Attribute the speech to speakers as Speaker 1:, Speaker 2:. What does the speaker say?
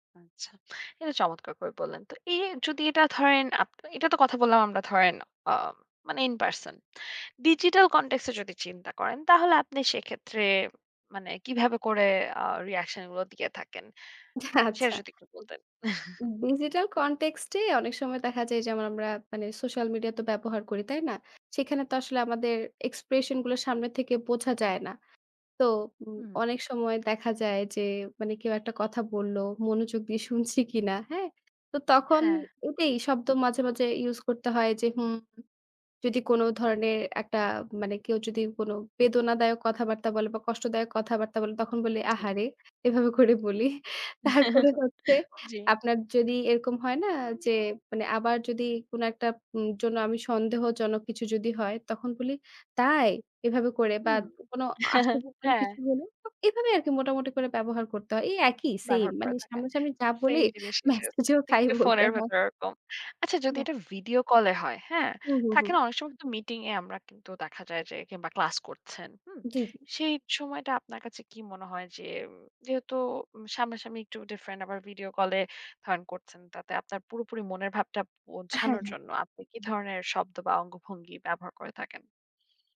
Speaker 1: আচ্ছা। এটা চমৎকার করে বললেন। তো এ যদি এটা ধরেন, আপ এটা তো কথা বললাম আমরা ধরেন আম মানে ইন পারসন। ডিজিটাল কনটেক্স এ যদি চিন্তা করেন, তাহলে আপনি সেক্ষেত্রে মানে কীভাবে করে আ রিঅ্যাকশন গুলো দিয়ে থাকেন। উম সেটা
Speaker 2: আচ্ছা
Speaker 1: যদি একটু বলতেন।
Speaker 2: ডিজিটাল কনটেক্সট এ অনেক সময় দেখা যায় যেমন আমরা মানে সোশ্যাল মিডিয়া তো ব্যবহার করি। তাই না? সেখানে তো আসলে আমাদের এক্সপ্রেশন গুলো সামনের থেকে বোঝা যায় না। তো উম
Speaker 1: হু।
Speaker 2: অনেক সময় দেখা যায় যে, মানে কেউ একটা কথা বলল, মনোযোগ দিয়ে শুনছি কিনা। হ্যাঁ? তো তখন
Speaker 1: হ্যাঁ।
Speaker 2: ওটাই শব্দ মাঝে, মাঝে, ইউস করতে হয় যে হুম, যদি কোন ধরনের একটা মানে কেউ যদি কোনো বেদনাদায়ক কথাবার্তা বলে বা কষ্টদায়ক কথাবার্তা বলে তখন বলি
Speaker 1: জ্বী।
Speaker 2: "আহারে", এভাবে করে বলি। তারপরে হচ্ছে,
Speaker 1: জ্বী।
Speaker 2: আপনার যদি এরকম হয় না যে মানে আবার যদি কোন একটা উম জন্য আমি সন্দেহজনক কিছু যদি হয়, তখন বলি "তাই?" এভাবে করে বা
Speaker 1: হুম,
Speaker 2: কোন আশ্চর্যজনক
Speaker 1: হ্যাঁ।
Speaker 2: কিছু হলো। এভাবে আরকি মোটামুটি করে ব্যবহার করতে হয়। এই একই সেম
Speaker 1: ব্যবহার করে
Speaker 2: মানে
Speaker 1: থাকেন।
Speaker 2: সামনাসামনি যা বলি
Speaker 1: সেম জিনিসই জাস্ট,
Speaker 2: মেসেজও তাই
Speaker 1: একটু
Speaker 2: বলতে
Speaker 1: ফোনের
Speaker 2: হয়।
Speaker 1: ভেতর ওরকম। আচ্ছা যদি
Speaker 2: হ্যাঁ।
Speaker 1: এটা ভিডিও কল এ হয়, হ্যাঁ?
Speaker 2: হুম, হুম,
Speaker 1: থাকে
Speaker 2: হুম।
Speaker 1: না অনেক সময় কিন্তু মিটিং এ আমরা কিন্তু দেখা যায় যে, কিংবা ক্লাস করছেন। হুম?
Speaker 2: জি, জি।
Speaker 1: সেই সময়টা আপনার কাছে কি মনে হয় যে যেহেতু উ সামনাসামনি একটু ডিফারেন্ট আবার ভিডিও কল এ ফান করছেন। তাতে আপনার পুরোপুরি মনের ভাবটা
Speaker 2: হ্যাঁ,
Speaker 1: বোঝানোর
Speaker 2: হ্যাঁ,
Speaker 1: জন্য, আপনি কি ধরনের শব্দ বা অঙ্গভঙ্গি ব্যবহার করে থাকেন?